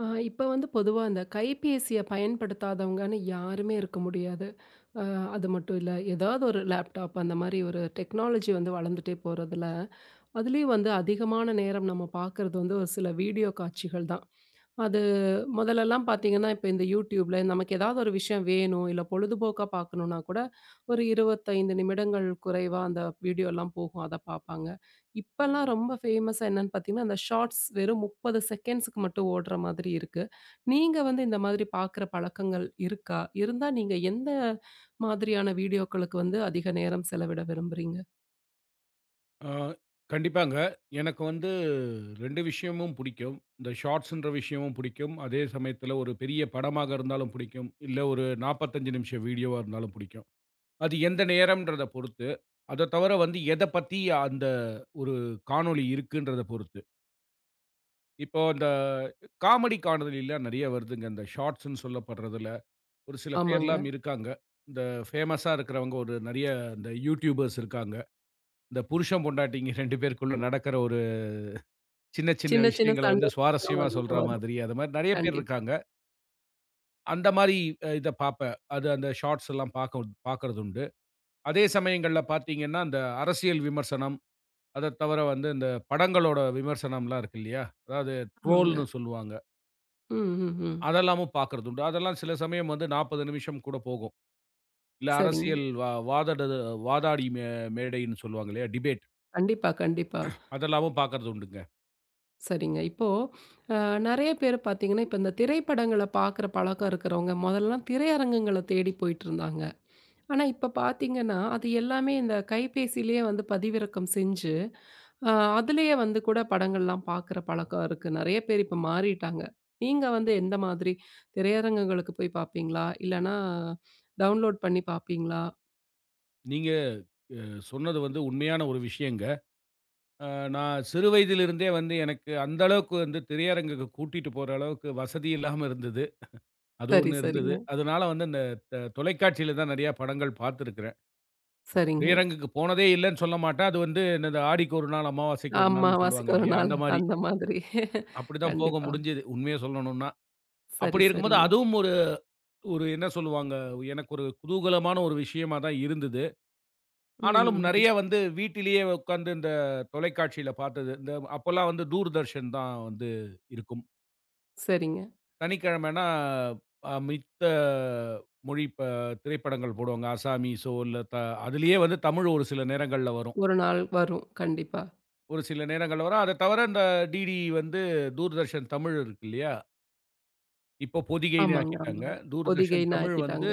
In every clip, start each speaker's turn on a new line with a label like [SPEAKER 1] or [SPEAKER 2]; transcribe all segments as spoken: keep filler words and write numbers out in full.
[SPEAKER 1] அ இப்ப வந்து பொதுவா அந்தக் கைப்பேசிய பயன்படுத்தாதவங்கன்னு யாருமே இருக்க முடியாது. அ அது மட்டும் இல்ல எதாவது ஒரு லேப்டாப் அந்த மாரி ஒரு டெக்னாலஜி வந்து வளர்ந்துட்டே போறதுல. அதுலயும் வந்து அதிகமான நேரம் நம்ம பாக்குறது வந்து ஒரு சில வீடியோ காட்சிகள் தான். அது முதல்லலாம் பாத்தீங்கன்னா இப்ப இந்த YouTubeல நமக்கு ஏதாவது ஒரு விஷயம் வேணும் இல்ல பொழுதுபோக்கா பாக்கணும்னா கூட ஒரு இருபத்தைந்து நிமிடங்கள் குறைவா அந்த வீடியோல்லாம் போகும் அத பாப்பாங்க. இப்பலாம் ரொம்ப ஃபேமஸ் என்னன்னு பார்த்தீங்கன்னா, அந்த ஷார்ட்ஸ் வெறும் முப்பது செகண்ட்ஸ் மட்டும் ஓடுற மாதிரி இருக்கு. நீங்க வந்து இந்த மாதிரி பாக்குற பழக்கங்கள் இருக்கா? இருந்தா நீங்க எந்த மாதிரியான வீடியோகளுக்கு வந்து அதிக நேரம் செலவிட விரும்புறீங்க?
[SPEAKER 2] ஆ, கண்டிப்பாங்க. எனக்கு வந்து ரெண்டு விஷயமும் புடிக்கும். இந்த ஷார்ட்ஸ்ன்ற விஷயமும் புடிக்கும். அதே சமயத்துல ஒரு பெரிய படமாக இருந்தாலும் புடிக்கும். இல்ல ஒரு நாப்பத்தஞ்சு நிமிஷம் வீடியோவா இருந்தாலும் புடிக்கும். அது எந்த நேரம்ன்றத பொறுத்து. அத தவர வந்து எதப் பத்தி அந்த ஒரு காணொளி இருக்குன்றத பொறுத்து. இப்போ அந்த காமெடி காணொளிலாம் நெறைய வருதுங்க. அந்த ஷார்ட்ஸ்ன்னு சொல்லப்படுறதுல ஒரு சில
[SPEAKER 1] ஆமாங்க.
[SPEAKER 2] பேர்லாம் இருக்காங்க. இந்த ஃபேமஸ்ஸா இருக்கறவங்க ஒரு நெறைய இந்த YouTubers இருக்காங்க. இந்த புருஷன், பொண்டாட்டிங்க ரெண்டு பேருக்குள்ள நடக்கற ஒரு சின்ன சின்ன
[SPEAKER 1] சின்ன சின்ன
[SPEAKER 2] விஷயங்கள வந்து
[SPEAKER 1] சண்டை [unintelligible] ஆமா
[SPEAKER 2] சுவாரஸ்யமா
[SPEAKER 1] அதிக
[SPEAKER 2] சொல்ற
[SPEAKER 1] வரும்.
[SPEAKER 2] மாதிரி. அந்த மாரி நெறைய பேர்
[SPEAKER 1] கண்டிப்பா.
[SPEAKER 2] இருக்காங்க. அந்த மாரி அ இதப் பார்ப்பேன். அது அந்த ஷார்ட்ஸ்லாம் பார்க்குன் பார்க்கிறதுண்டு. அதே சமயங்கள்ல பார்த்தீங்கன்னா அந்த அரசியல் விமர்சனம். அதத் தவர வந்து இந்தப் படங்களோட விமர்சனம்லாம் இருக்கு இல்லையா? அதாவது
[SPEAKER 1] ஆமாங்க.
[SPEAKER 2] ட்ரோல்ன்னு சொல்லுவாங்க.
[SPEAKER 1] ம்ஹ்ம்.
[SPEAKER 2] அதெல்லாமும் பார்க்கிறதுண்டு. அதெல்லாம் சில சமயம் வந்து நாப்பது நிமிஷம் கூடப் போகும். இல்ல
[SPEAKER 1] சரிங்க.
[SPEAKER 2] அரசியல் வா வாதட வாதாடி மே மேடைன்னு சொல்லுவாங்களே டிபேட்.
[SPEAKER 1] கண்டிப்பா, கண்டிப்பா.
[SPEAKER 2] அதெல்லாமும் பார்க்கிறதுண்டுங்க.
[SPEAKER 1] சரிங்க. இப்போ அ நறைய பேர் பார்த்தீங்கன்னா இப்ப இந்த திரைப்படங்களப் பார்க்கற பழக்கம் இருக்குறவங்க முதல்ல திரையரங்குகளத் தேடி போயிட்டு இருந்தாங்க. ஆனா இப்ப பாத்தீங்கன்னா அது எல்லாமே இந்தக் கைப்பேசியிலயே வந்து பதிவிறக்கம் செஞ்சு அ அதுலயே வந்து கூடப் படங்கள்லாம் பார்க்குற பழக்கம் இருக்கு, நறைய பேர் இப்ப மாறிட்டாங்க. நீங்க வந்து எந்த மாதிரி திரையரங்குகளுக்குப் போய் பாப்பீங்களா? இல்லனா டவுண்லோட் பண்ணி பாப்பீங்களா?
[SPEAKER 2] நீங்க அ சொன்னது வந்து உண்மையான ஒரு விஷயங்க. அ நான் சிறு வயதிலிருந்தே வந்து எனக்கு அந்த அளவுக்கு வந்து திரையரங்குக்கு கூட்டிட்டு போற அளவுக்கு வசதி இல்லாம இருந்தது. அது
[SPEAKER 1] சரி,
[SPEAKER 2] ஒண்ணு
[SPEAKER 1] சரிங்க.
[SPEAKER 2] இருந்தது. அதனால வந்து இந்தத் த தொலைக்காட்சியில தான் நெறைய படங்கள் பாத்திருக்கிறேன். [unintelligible]
[SPEAKER 1] சரிங்க.
[SPEAKER 2] திரையரங்குக்கு போனதே இல்லன்னு சொல்லமாட்டேன். அது வந்து இந்த "ஆடிக்கொரு நாள் அமாவாசைக்கு ஒரு நாள்னு" சொல்லுவாங்க
[SPEAKER 1] அமாவாசைக்கு ஒரு
[SPEAKER 2] இல்லையா?
[SPEAKER 1] நாள்
[SPEAKER 2] அந்த மாரி.
[SPEAKER 1] அந்த மாதிரி.
[SPEAKER 2] அப்டித்தான் போக
[SPEAKER 1] கண்டிப்பா.
[SPEAKER 2] முடிஞ்சது உண்மைய சொல்லணும்னா.
[SPEAKER 1] சரி,
[SPEAKER 2] அப்டி இருக்கும்போது
[SPEAKER 1] சரிங்க.
[SPEAKER 2] அதுவும் ஒரு ஒரு என்ன சொல்லுவாங்க? எனக்கு ஒரு குதூகலமான ஒரு விஷயமாதான் இருந்தது. ஆனாலும் நறைய
[SPEAKER 1] ம்ஹ்ம்.
[SPEAKER 2] வந்து வீட்டிலேயே உக்காந்து இந்தத் தொலைக்காட்சியில பாத்தது. இந்த அப்பல்லாம் வந்து தூர்தர்ஷன் தான் வந்து இருக்கும்.
[SPEAKER 1] சரிங்க.
[SPEAKER 2] சனிக்கிழமன்னா அ மித்த மொழிப் ப திரைப்படங்கள் போடுவாங்க. அஸ்ஸாமிசோ இல்ல த அதுலயே வந்து தமிழ் ஒரு சில நேரங்கள்ல வரும்.
[SPEAKER 1] ஒரு நாள் வரும், கண்டிப்பா.
[SPEAKER 2] ஒரு சில நேரங்கள்ல வரும். அதத் தவற இந்த டிடி வந்து தூர்தர்ஷன் தமிழ் இருக்கு இல்லையா? இப்போ பொதிகைன்னு
[SPEAKER 1] ஆமாங்க,
[SPEAKER 2] ஆக்கிட்டாங்க.
[SPEAKER 1] ஆமாங்க. பொதிகை
[SPEAKER 2] தூர்தர்ஷன் தமிழ்
[SPEAKER 1] நாக்கிட்டாங்க
[SPEAKER 2] வந்து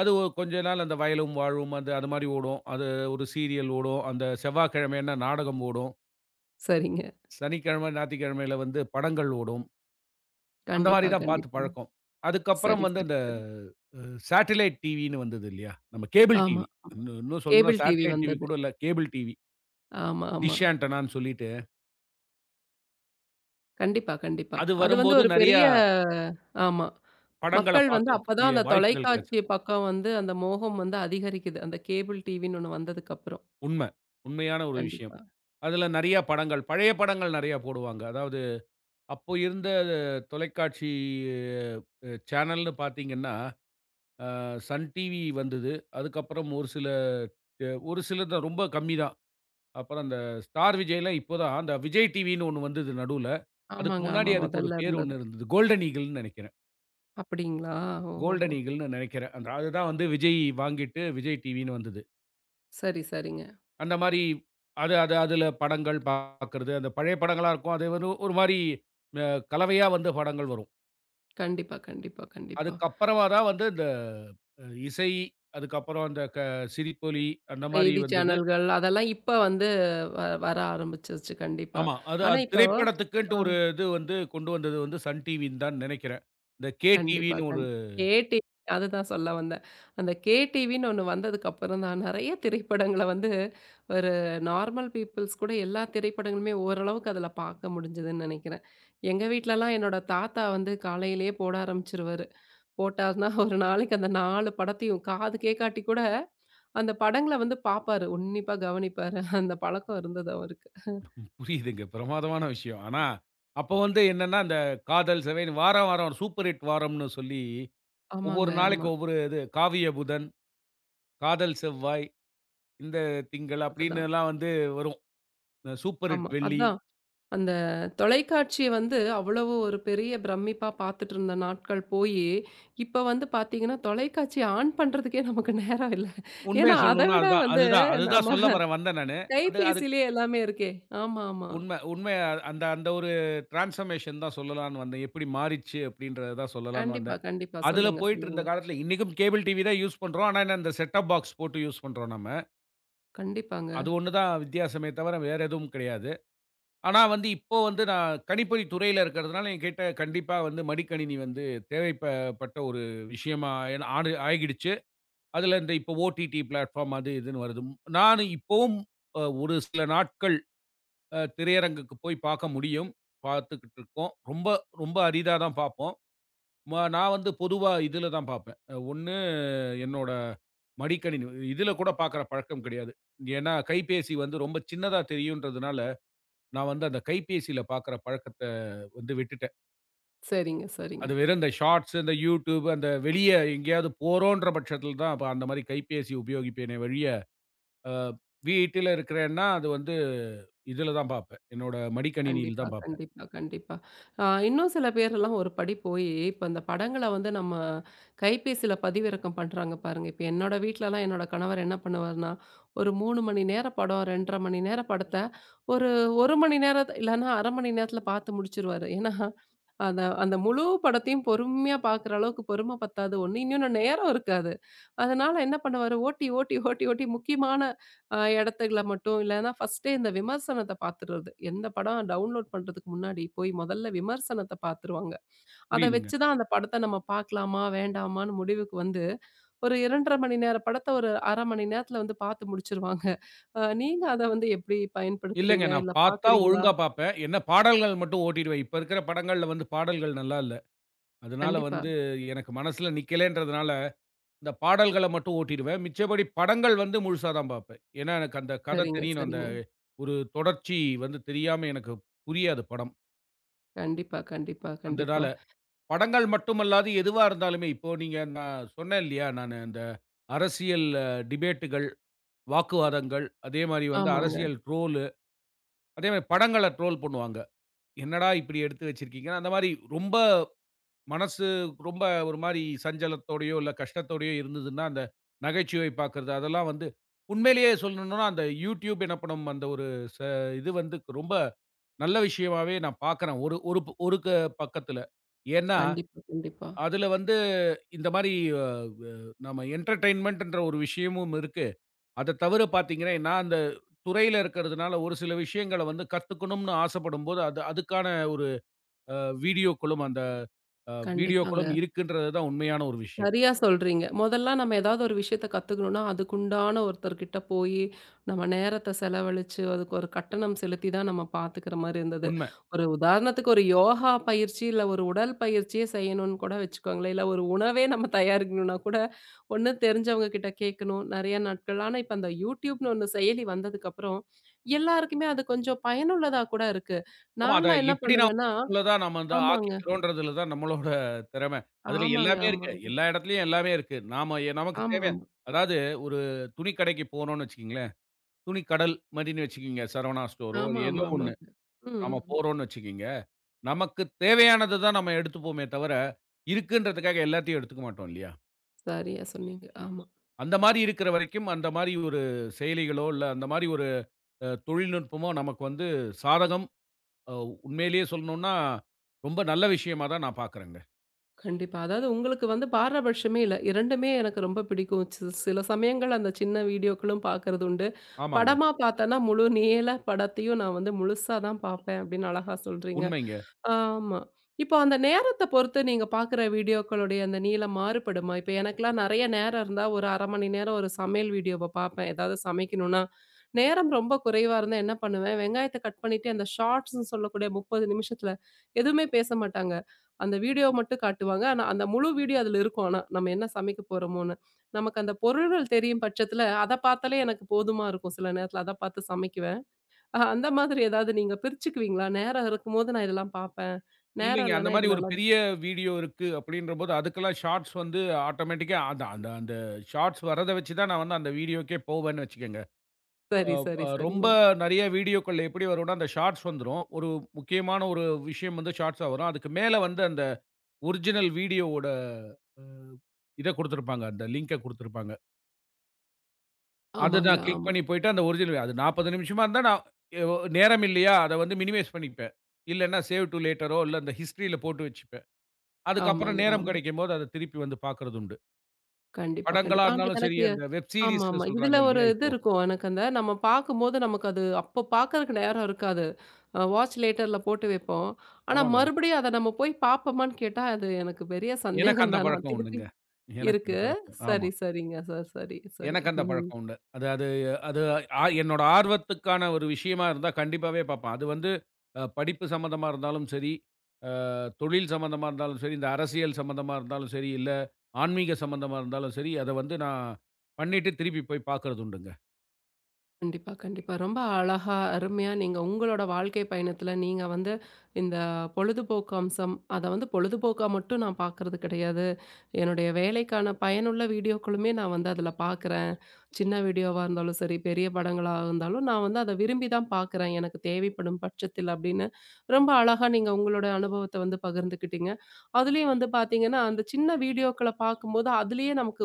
[SPEAKER 2] அது ஒ கொஞ்சம் நாள் அந்த வயலும் வாழுமும் அது அந்த மாரி ஓடும். அது ஒரு சீரியல் ஓடும். அந்த செவ்வாய்கிழமையினா நாடகம் ஓடும்.
[SPEAKER 1] சரிங்க.
[SPEAKER 2] சனிக்கிழம, ஞாயித்துக்கிழமையில வந்து படங்கள் ஓடும். அந்த மாரி
[SPEAKER 1] கண்டிப்பா,
[SPEAKER 2] தான் பாத்துப்
[SPEAKER 1] கண்டிப்பா.
[SPEAKER 2] பழக்கம். அதுக்கப்புறம்
[SPEAKER 1] சரி
[SPEAKER 2] வந்து
[SPEAKER 1] சரி
[SPEAKER 2] இந்த
[SPEAKER 1] சரி.
[SPEAKER 2] அ சாட்டிலைட் டிவின்னு வந்தது இல்லையா? நம்ம கேபில்
[SPEAKER 1] ஆமா,
[SPEAKER 2] டிவி.
[SPEAKER 1] ஆமா.
[SPEAKER 2] இன்னு இன்னும் சொல்லணும்னா
[SPEAKER 1] Cable TV
[SPEAKER 2] சாட்டிலைட் டிவி
[SPEAKER 1] வந்தது.
[SPEAKER 2] கூட இல்ல, கேபுல் டிவி.
[SPEAKER 1] ஆமா, ஆமா.
[SPEAKER 2] டிஷ் ஆன்டெனான்னு சொல்லிட்டு.
[SPEAKER 1] கண்டிப்பா, கண்டிப்பா
[SPEAKER 2] அது
[SPEAKER 1] அது வந்து
[SPEAKER 2] வரும்போது
[SPEAKER 1] ஒரு
[SPEAKER 2] நறைய
[SPEAKER 1] பெரிய ஆமா.
[SPEAKER 2] படங்கள
[SPEAKER 1] மக்கள் வந்து அப்பத் தான்
[SPEAKER 2] பாக்கதுக்கூடிய
[SPEAKER 1] அந்தத்
[SPEAKER 2] வாய்ப்புகள்
[SPEAKER 1] தொலைக்காட்சி
[SPEAKER 2] கெடைச்சுது.
[SPEAKER 1] பக்கம் வந்து அந்த மோகம் வந்து அதிகரிக்குது. அந்தக் கேபுல் டிவி ஒண்ணு வந்ததுக்கு அப்புறம்.
[SPEAKER 2] உண்ம. உண்மயான ஒரு விஷயம்.
[SPEAKER 1] கண்டிப்பா.
[SPEAKER 2] அதுல நெறைய படங்கள், பழைய படங்கள் நெறைய போடுவாங்க. அதாவது அப்போ இருந்த தொலைக்காட்சி அ சேனல்ன்னு பாத்தீங்கன்னா அ Sun டிவி வந்தது. அதுக்கப்புறம் ஒரு சில ஒரு சிலது தான். ரொம்ப கம்மி தான். அப்புறம் அந்த Star Vijayலாம் இப்ப தான். அந்த Vijay டிவின்னு ஒண்ணு வந்தது நடுல. அதுக்கு
[SPEAKER 1] ஆமாங்க,
[SPEAKER 2] முன்னாடி
[SPEAKER 1] ஆமா.
[SPEAKER 2] அதுக்கு ஒரு
[SPEAKER 1] மொதல்ல
[SPEAKER 2] பேரு
[SPEAKER 1] இருந்தது.
[SPEAKER 2] ஒண்ணு இருந்தது. கோல்டன் ஈகிள்ன்னு நெனைக்கிறேன்.
[SPEAKER 1] அப்படிங்களா. ஓஹோஹோ.
[SPEAKER 2] கோல்டன் ஈகுல்ன்னு நினைக்கிறேன். அது தான் வந்து விஜய் வாங்கிட்டு விஜய் டிவின்னு வந்தது.
[SPEAKER 1] சரி, சரிங்க.
[SPEAKER 2] அந்த மாரி அது அது அதுல படங்கள் பார்க்கிறது. அந்த பழைய படங்களா இருக்கும். அது வெறும் ஒரு மாரி கலவையா வந்த படங்கள் வரும்.
[SPEAKER 1] கண்டிப்பா. கண்டிப்பா. கண்டிப்பா.
[SPEAKER 2] அதுக்கப்புறமாதான் வந்து இந்த அ இசை, அதுக்கப்புறம் அந்த க சிரிப்பொலி அந்த மாரி
[SPEAKER 1] செய்தி
[SPEAKER 2] வந்தது.
[SPEAKER 1] சேனல்கள் அதெல்லாம் இப்போ வந்து வ வர ஆரம்பிச்சுடுச்சு. கண்டிப்பா.
[SPEAKER 2] ஆமா அது,
[SPEAKER 1] ஆனா
[SPEAKER 2] அது
[SPEAKER 1] இப்போ ஆ.
[SPEAKER 2] திரைப்படத்துக்குன்னுட்டு ஒரு இது வந்து கொண்டு வந்தது வந்து சன் டிவிதான் நினைக்கிறேன். இந்த கே
[SPEAKER 1] கண்டிப்பா,
[SPEAKER 2] டிவின்னு ஒரு
[SPEAKER 1] கண் கே டிவி அது தான் சொல்ல வந்தேன். அந்தக் கேடிவினு ஒண்ணு வந்ததுக்கு அப்புறம் தான், நறைய திரைப்படங்கள வந்து ஒரு நார்மல் பீப்பல்ஸ் கூட எல்லா திரைப்படங்களுமே ஓரளவுக்கு அதுல பார்க்க முடிஞ்சதுன்னு நெனைக்கிறேன். எங்க வீட்டுலல்லாம் என்னோட தாத்தா வந்து காலையிலேயே போட ஆரம்பிச்சுருவாரு. போட்டார்னா ஒரு நாளைக்கு அந்த நாலு படத்தையும் காதுகேக்காட்டி கூட அந்தப் படங்கள வந்து பாப்பாரு. உன்னிப்பா கவனிப்பாரு. அந்தப் பழக்கம் இருந்தது அவருக்கு.
[SPEAKER 2] புரியுதுங்க பிரமாதமான விஷயம். ஆனா அப்போ வந்து என்னன்னா அந்த காதல் செவைன் வாரம் வாரம் சூப்பர் ஹிட் வாரம்னு சொல்லி
[SPEAKER 1] ஆமாங்க.
[SPEAKER 2] ஒவ்வொரு
[SPEAKER 1] ஆமா.
[SPEAKER 2] நாளைக்கு ஒவ்வொரு இது. காவிய புதன், காதல் செவ்வாய், இந்த திங்கள்
[SPEAKER 1] அது
[SPEAKER 2] அப்படின்னு
[SPEAKER 1] தான்.
[SPEAKER 2] எல்லாம் வந்து வரும். இந்த சூப்பர் ஹிட்
[SPEAKER 1] ஆமா.
[SPEAKER 2] வெள்ளி.
[SPEAKER 1] அதான். அந்த தொலைக்காட்சி வந்து அவ்வளவு ஒரு பெரிய பிரம்மிப்பா பாத்துட்டு இருந்த நாட்கள் போயி இப்ப வந்து பாத்தீங்கன்னா தொலைக்காட்சி ஆன் பண்றதுக்கே நமக்கு நேரம் இல்ல.
[SPEAKER 2] உண்மைய
[SPEAKER 1] ஏன்னா
[SPEAKER 2] சொல்லணும்னா
[SPEAKER 1] அதைவிட
[SPEAKER 2] அது தான். அது
[SPEAKER 1] வந்து
[SPEAKER 2] தான் அது தான்
[SPEAKER 1] நம்ப
[SPEAKER 2] சொல்ல வர வந்தேன் நான்னு. அது அது
[SPEAKER 1] கைப்பேசியில் எல்லாமே இருக்கே. ஆமாமா.
[SPEAKER 2] உண்மை, உண்மையா அந்த அந்த ஒரு ட்ரன்ஸ்பர்மேஷன் தான் சொல்லலாம்னு வந்தேன். எப்படி மாறிச்சு அப்படின்றது தான் சொல்லலாம்னு
[SPEAKER 1] கண்டிப்பா.
[SPEAKER 2] வந்தேன்.
[SPEAKER 1] கண்டிப்பா.
[SPEAKER 2] அதுல
[SPEAKER 1] சொல்லுங்க.
[SPEAKER 2] போயிட்டு
[SPEAKER 1] சொல்லுங்க.
[SPEAKER 2] இருந்த காலத்துல இன்னிக்கும் கேபிள் டிவி தான் யூஸ் பண்றோம். ஆனா என்ன இந்த செட்டப் பாக்ஸ் போட்டு யூஸ் பண்றோம் நம்ம.
[SPEAKER 1] கண்டிப்பாங்க.
[SPEAKER 2] அது ஒண்ணு தான் வித்தியாசமே தவர வேற எதுவும் கிடையாது. ஆனா வந்து இப்போ வந்து நான் கணிப்பொறித் துறையில இருக்குறதுனால என்கிட்ட கண்டிப்பா வந்து மடிக்கணினி வந்து தேவைப் ப பட்ட ஒரு விஷயமா ஆயி ஆனு-ஆகிடுச்சு. அதுல இந்த இப்போ OTT பில்டபார்ம் அது இதுன்னு வருது. நானும் இப்போவும் ஒரு சில நாட்கள் அ திரையரங்குக்கு போய்ப் பார்க்க முடியும். பார்த்துக்கிட்டு இருக்கோம். ரொம்ப ரொம்ப அரிதாதான் பார்ப்போம். மா நான் வந்து பொதுவா இதுல தான் பார்ப்பேன். ஒண்ணு என்னோட மடிக்கணி. இதுல கூடப் பாக்குற பழக்கம் கிடையாது. ஏன்னா கைபேசி வந்து ரொம்ப சின்னதா தெரியும்ன்றதுனால நான் வந்து அந்தக் கைபேசியில பார்க்கிற பழக்கத்த வந்து விட்டுட்டேன்.
[SPEAKER 1] சரிங்க, சரிங்க.
[SPEAKER 2] அது வேற இந்தச் ஷார்ட்ஸ், இந்த YouTube அந்த வெளிய எங்கையாவது போறோம்ன்ற பட்சத்தில தான் ப அந்த மாரி கைபேசி உபயோகிப்பேனே வழிய. வீட்டில இருக்கிறேன்னா அது வந்து இதுல தான் பார்ப்பேன். என்னோட மடிக்கணினியில
[SPEAKER 1] கண்டிப்பா,
[SPEAKER 2] தான் பார்ப்பேன்.
[SPEAKER 1] கண்டிப்பா, கண்டிப்பா. ஆ இன்னும் சில பேர் எல்லாம் ஒரு படி போயி இப்ப அந்தப் படங்கள வந்து நம்ம கைப்பேசியில பதிவிறக்கம் பண்றாங்க பாருங்க. இப்ப என்னோட வீட்டுல எல்லாம் என்னோட கணவர் என்ன பண்ணுவார்னா, ஒரு மூணு மணி நேரம் படம், இரண்டரை மணி நேரம் படத்த ஒரு ஒரு மணி நேரம் இல்லைன்னா அரை மணி நேரத்துல பார்த்து முடிச்சிடுவாரு. ஏன்னா அந்த அந்த முழு படத்தையும் பொறுமையா பாக்குற அளவுக்குப் பொறுமை பத்தாது ஒண்ணு, இன்னொன்னு நேரம் இருக்காது. அதனால என்ன பண்ணுவாரு, ஓட்டி, ஓட்டி, ஓட்டி, ஓட்டி முக்கியமான ஆ இடத்துல மட்டும் இல்லைன்னா ப்ர்ஸ்ட்டே இந்த விமர்சனத்தைப் பார்த்துடுறது. எந்தப் படம் டவுண்லோட் பண்றதுக்கு முன்னாடி போய் மொதல்ல விமர்சனத்தப் பார்த்துருவாங்க. அதை
[SPEAKER 2] புரியுதுங்க.
[SPEAKER 1] வச்சுதான் அந்தப் படத்த நம்ம பார்க்கலாமா, வேண்டாமான்னு முடிவுக்கு வந்து ஒரு இரண்டரை மணி நேரம் படத்த ஒரு அரை மணி நேரத்துல வந்து பார்த்து முடிச்சிடுவாங்க. நீங்க அத வந்து எப்படி
[SPEAKER 2] இல்லங்க.
[SPEAKER 1] பயன்படுத்துறீங்க,
[SPEAKER 2] நான்
[SPEAKER 1] இல்ல
[SPEAKER 2] பாத்தா
[SPEAKER 1] பார்க்குறீங்களா?
[SPEAKER 2] ஒழுங்கா பாப்பேன். என்ன பாடல்கள் மட்டும் ஓட்டிடுவேன். இப்ப இருக்குற படங்கள்ல பாடல்கள் நல்லா இல்ல. அதனால
[SPEAKER 1] கண்டிப்பா.
[SPEAKER 2] வந்து எனக்கு மனசுல நிக்கலைன்றதுனால இந்தப் பாடல்கள மட்டும் ஓட்டிடுவேன். மிச்சபடி படங்கள் வந்து முழுசா தான் பார்ப்பேன். ஏன்னா எனக்கு அந்தக் கதை
[SPEAKER 1] சரிங்க,
[SPEAKER 2] தெரியனும். அந்த
[SPEAKER 1] சரிங்க.
[SPEAKER 2] ஒரு தொடர்ச்சி வந்து தெரியாம எனக்குப் புரியாது படம்.
[SPEAKER 1] கண்டிப்பா, கண்டிப்பா,
[SPEAKER 2] அந்ததால
[SPEAKER 1] கண்டிப்பா.
[SPEAKER 2] படங்கள் மட்டுமல்லாது எதுவா இருந்தாலுமே. இப்போ நீங்க நா சொன்னேன் இல்லையா? நானு அந்த அரசியல் டிபேட்டுகள், வாக்குவாதங்கள் அதே மாரி வந்து
[SPEAKER 1] ஆமாங்க.
[SPEAKER 2] அரசியல் ட்ரோல்லு. அதே மாரி படங்கள ட்ரோல் பண்ணுவாங்க. என்னடா இப்படி எடுத்து வச்சிருக்கீங்க? அந்த மாரி ரொம்ப மனசு ரொம்ப ஒரு மாரி சஞ்சலத்தோடயோ, இல்ல கஷ்டத்தோடயோ இருந்ததுன்னா, அந்த நிகழ்ச்சியைப் பாக்குறது அதெல்லாம் வந்து உண்மையிலேயே சொல்லணும்னா அந்த YouTube என்ன பண்ணும்? அந்த ஒரு ச இது வந்து ரொம்ப நல்ல விஷயமாவே நான் பார்க்குறேன். ஒரு ஒரு ஒரு பக்கத்துல. ஏன்னா
[SPEAKER 1] கண்டிப்பா, கண்டிப்பா.
[SPEAKER 2] அதுல வந்து இந்த மாரி அ வ நம்ம என்டேர்டைன்மெண்ட் என்ற ஒரு விஷயமும் இருக்கு. அத தவிர பாத்தீங்கன்னா, நா அந்தத் துறையில இருக்குறதுனால ஒரு சில விஷயங்கள வந்து கத்துக்கணும்னு ஆசைப்படும்போது, அது அதுக்கான ஒரு வீடியோகுளம் அந்த வீடியோகுளம்
[SPEAKER 1] கண்டிப்பாங்க.
[SPEAKER 2] இருக்குன்றது தான் உண்மையான ஒரு விஷயம்.
[SPEAKER 1] சரியா சொல்றீங்க. முதல்லா நாம எதாவது ஒரு விஷயத்த பத்துக்கணும்னா அதுக்கு உண்டான ஒருத்தர் கிட்ட போயி நம்ம நேரத்த செலவழிச்சு, அதுக்கு ஒரு கட்டணம் செலுத்திதான் நாம பார்த்துக்கிற மாரி இருந்தது.
[SPEAKER 2] உண்ம.
[SPEAKER 1] ஒரு உதாரணத்துக்கு ஒரு யோகா பயிற்சி, இல்ல ஒரு உடல் பயிற்சியை செய்யணும்னு கூட வச்சுக்கோங்களேன். இல்ல ஒரு உணவே நாம தயார் செய்யணும்னா கூட, ஒண்ணு தெரிஞ்சவங்க கிட்ட கேட்கணும். நறைய நாட்கள். ஆனா இப்ப அந்த YouTube ன்னு ஒன்னு செயலி வந்ததுக்கு அப்புறம் எல்லாருக்குமே அது கொஞ்சம் பயனுள்ளதா கூட இருக்கு.
[SPEAKER 2] ஆமா. அதை
[SPEAKER 1] நான்லாம் என்ன
[SPEAKER 2] எப்படி நாம
[SPEAKER 1] பண்ணுவேன்னா
[SPEAKER 2] உள்ளதா நாம இந்த
[SPEAKER 1] ஆமாங்க.
[SPEAKER 2] ஆக்கிக்கிறோம்ன்றதுல தான் நம்மளோட திறமை. அதுல
[SPEAKER 1] ஆமாங்க,
[SPEAKER 2] எல்லாமே இருக்கு.
[SPEAKER 1] ஆமாங்க.
[SPEAKER 2] எல்லா இடத்துலயும் எல்லாமே இருக்கு. நாம நமக்குத் தேவை.
[SPEAKER 1] ஆமாமா.
[SPEAKER 2] அதாவது ஒரு துணிக்கடைக்குப் போகணும்னு வச்சுக்கோங்களேன். துணிக்கடல் மதினே வச்சுக்கோங்க. சரவணா ஸ்டோர்
[SPEAKER 1] ஆமாமா,
[SPEAKER 2] ஏதோ ஒண்ணு
[SPEAKER 1] ஆமாங்க. ம்.
[SPEAKER 2] நாம
[SPEAKER 1] ம்.
[SPEAKER 2] போறோம்னு வச்சுக்கோங்க. நமக்குத் தேவையானது தான் நாம எடுத்துப் போவோமே தவர, இருக்குன்றதுக்காக எல்லாத்தையும் எடுத்துக்க மாட்டோம் இல்லையா?
[SPEAKER 1] சரியா சொன்னீங்க. ஆமா.
[SPEAKER 2] அந்த மாரி இருக்கிற வரைக்கும், அந்த மாரி ஒரு செயலிகளோ இல்ல, அந்த மாரி ஒரு அ தொழில்நுட்பமோ நமக்கு வந்து சாதகம். அ உண்மையிலேயே சொல்லணும்னா, ரொம்ப நல்ல விஷயமா தான் நான் பார்க்குறேங்க.
[SPEAKER 1] கண்டிப்பா. அதாவது உங்களுக்கு வந்து பாரபட்சமே இல்ல. இரண்டுமே எனக்கு ரொம்ப பிடிக்கும். சி சில சமயங்கள் அந்தச் சின்ன வீடியோக்களும் பாக்குறதுண்டு.
[SPEAKER 2] ஆமாங்க.
[SPEAKER 1] படமா பார்த்தேன்னா முழு நீளப்படத்தையும் நான் வந்து முழுசாதான் பார்ப்பேன் அப்படின்னு அழகா சொல்றீங்க.
[SPEAKER 2] உண்மைங்க.
[SPEAKER 1] ஆமா. இப்ப அந்த நேரத்தப் பொறுத்து நீங்கப் பார்க்கிற வீடியோக்களுடைய அந்த நீளம் மாறுபடுமா? இப்ப எனக்கெல்லாம் நெறைய நேரம் இருந்தா ஒரு அரை மணி நேரம் ஒரு சமையல் வீடியோவைப் பார்ப்பேன். ஏதாவது சமைக்கணும்னா. நேரம் ரொம்ப குறைவா இருந்தா என்ன பண்ணுவேன், வெங்காயத்தை கட் பண்ணிட்டு அந்த ஷார்ட்ஸ்ன்னு சொல்லக்கூடிய முப்பது நிமிஷத்துல எதுவுமே பேசமாட்டாங்க. அந்த வீடியோ மட்டும் காட்டுவாங்க. ஆனா அந்த முழு வீடியோ அதுல இருக்கும் ஆனா. நம்ம என்ன சமைக்கப்போறமோன்னு. நமக்கு அந்தப் பொருள்கள் தெரியும் பட்சத்தில அதப் பார்த்தாலே எனக்குப் போதுமா இருக்கும் சில நேரத்துல. அதப் பார்த்துச் சமைக்குவேன். அந்த மாதிரி ஏதாவது நீங்கப் பிரிச்சுக்குவீங்களா? நேரம் இருக்கும்போது நான் இதெல்லாம் பார்ப்பேன். நேரம்
[SPEAKER 2] இல்லைங்க. அந்த
[SPEAKER 1] இல்லைன்னா
[SPEAKER 2] மாரி ஒரு
[SPEAKER 1] இதுலல்லாம்
[SPEAKER 2] பெரிய வீடியோ இருக்கு அப்டின்ற போது அதுக்கெல்லாம் ஷார்ட்ஸ் வந்து ஆட்டோமேட்டிக்கா அது அந்த அந்த ஷார்ட்ஸ் வர்றத வச்சு தான் நான் வந்து அந்த வீடியோக்கே போவேனு வெச்சுக்கங்க.
[SPEAKER 1] சரி,
[SPEAKER 2] அ
[SPEAKER 1] சரி,
[SPEAKER 2] அ ரொம்ப
[SPEAKER 1] சரிங்க.
[SPEAKER 2] நெறைய வீடியோக்கள் எப்படி வரும்னா அந்த ஷார்ட்ஸ் வந்துரும். ஒரு முக்கியமான ஒரு விஷயம் வந்து ஷார்ட்ஸ்ஸ வரும். அதுக்கு மேல வந்து அந்த ஒரிஜினல் வீடியோவோட [unintelligible] இதைக் குடுத்திருப்பாங்க. அந்த லிங்க் குடுத்திருப்பாங்க. அது
[SPEAKER 1] ஆமாங்க,
[SPEAKER 2] தான், க்ளிக்
[SPEAKER 1] ஆமா.
[SPEAKER 2] பண்ணி போயிட்டு, அந்த ஒர்ஜினல் இது அது நாற்பது நிமிஷமா இருந்தால் நான் ஒ நேரம் இல்லையா? அதை வந்து மினிமைஸ் பண்ணிப்பேன். இல்லேன்னா சேவ் டூ லேட்டர் இல்ல அந்த ஹிஸ்ட்ரில் போட்டு வச்சுப்பேன். அதுக்கப்புறம்
[SPEAKER 1] ஆமாங்க,
[SPEAKER 2] நேரம்
[SPEAKER 1] ஆமா.
[SPEAKER 2] கிடைக்கும்போது அதை திருப்பி வந்து பாக்குறதுண்டு.
[SPEAKER 1] கண்டிப்பா,
[SPEAKER 2] படங்களா
[SPEAKER 1] கண்டிப்பா. ஆனா
[SPEAKER 2] இருந்தாலும் சரி,
[SPEAKER 1] எனக்கு
[SPEAKER 2] அந்த வெப் சீரியஸ்ன்னு
[SPEAKER 1] ஆமாமா. இதுல
[SPEAKER 2] சொல்றாங்க
[SPEAKER 1] ஒரு
[SPEAKER 2] இல்லையா?
[SPEAKER 1] இது
[SPEAKER 2] இப்போ.
[SPEAKER 1] இருக்கும். எனக்கு அந்த நம்ம பார்க்கும்போது நமக்கு அது அப்ப பார்க்கிறதுக்கு நேரம் இருக்காது. ஆ வாட்ச் லேட்டர்ல போட்டு வைப்போம். ஆனால்,
[SPEAKER 2] ஆமாங்க.
[SPEAKER 1] மறுபடியும் அதை நம்ம போய்ப் பார்ப்போமான்னு கேட்டால் அது எனக்குப் பெரிய
[SPEAKER 2] எனக்கு
[SPEAKER 1] சந்தேகம்
[SPEAKER 2] அந்தப்
[SPEAKER 1] தான்.
[SPEAKER 2] பழக்கம்
[SPEAKER 1] திருப்பி
[SPEAKER 2] உண்டு-ங்க. எனக்கு
[SPEAKER 1] இருக்கு.
[SPEAKER 2] அந்தப் பழக்கம் ஆமா.
[SPEAKER 1] சரி, சரிங்க சார். சரி, சரி.
[SPEAKER 2] எனக்கு அந்தப் பழக்கம் உண்டு. அது அது அது ஆ என்னோட ஆர்வத்துக்கான ஒரு விஷயமா இருந்தா, கண்டிப்பாகவே பார்ப்பேன். அது வந்து அ படிப்பு சம்பந்தமா இருந்தாலும் சரி, அ தொழில் சம்பந்தமா இருந்தாலும் சரி, இந்த அரசியல் சம்பந்தமா இருந்தாலும் சரி, இல்ல ஆன்மீக சம்பந்தமா இருந்தாலும் சரி, அதை வந்து நான் பண்ணிட்டு திருப்பிப் போய்ப் பாக்குறது உண்டு-ங்க.
[SPEAKER 1] கண்டிப்பா, கண்டிப்பா. ரொம்ப அழகா, அருமையா நீங்க உங்களோட வாழ்க்கை பயணத்தில் நீங்க வந்து இந்தப் பொழுதுபோக்கு அம்சம், அதை வந்து பொழுதுபோக்காக மட்டும் நான் பார்ப்பது கிடையாது. என்னுடைய வேலைக்கான பயனுள்ள வீடியோக்களுமே நான் வந்து அதில் பார்க்கிறேன். சின்ன வீடியோவா இருந்தாலும் சரி, பெரிய படங்களாக இருந்தாலும் நான் வந்து அதை விரும்பித் தான் பார்க்கிறேன். எனக்குத் தேவைப்படும் பட்சத்தில் அப்படின்னு, ரொம்ப அழகா நீங்க உங்களோட அனுபவத்தை வந்து பகிர்ந்துக்கிட்டீங்க. அதிலும் வந்து பார்த்தீங்கன்னா, அந்தச் சின்ன வீடியோக்களைப் பார்க்கும்போது, அதிலே நமக்கு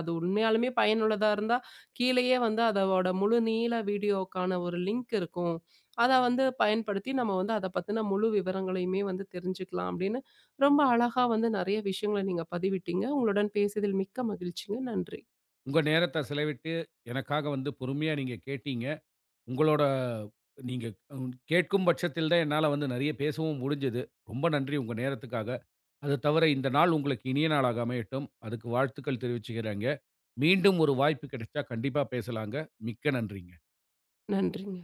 [SPEAKER 1] அது உ உண்மையாலுமே பயனுள்ளதா இருந்தா கீழயே வந்து அதோட முழு நீள வீடியோக்கான ஒரு லிங்க் இருக்கும். அதை வந்து பயன்படுத்தி நம்ம வந்து அதைப் பற்றிய முழு விவரங்களையுமே வந்து தெரிஞ்சுக்கலாம் அப்படின்னு ரொம்ப அழகா வந்து நிறைய விஷயங்கள் நீங்கப் பதிவிட்டீங்க. உங்களுடன் பேசியதில் மிக்க மகிழ்ச்சிங்க. நன்றி!
[SPEAKER 2] உங்க நேரத்த செலவிட்டு, எனக்காக வந்து பொறுமையா நீங்க கேட்டீங்க. உங்களோட நீங்க கேட்கும் பட்சத்தில் தான் என்னால் வந்து நிறைய பேசவும் முடிஞ்சது. ரொம்ப நன்றி உங்க நேரத்துக்காக. அது தவிர இந்த நாள் உங்களுக்கு இனிய நாளாக அமையட்டும். அதுக்கு வாழ்த்துக்கள் தெரிவிச்சுக்கிறேங்க. மீண்டும் ஒரு வாய்ப்பு கிடைத்தால் கண்டிப்பா பேசலாம்-ங்க. மிக்க நன்றி-ங்க.
[SPEAKER 1] நன்றி-ங்க.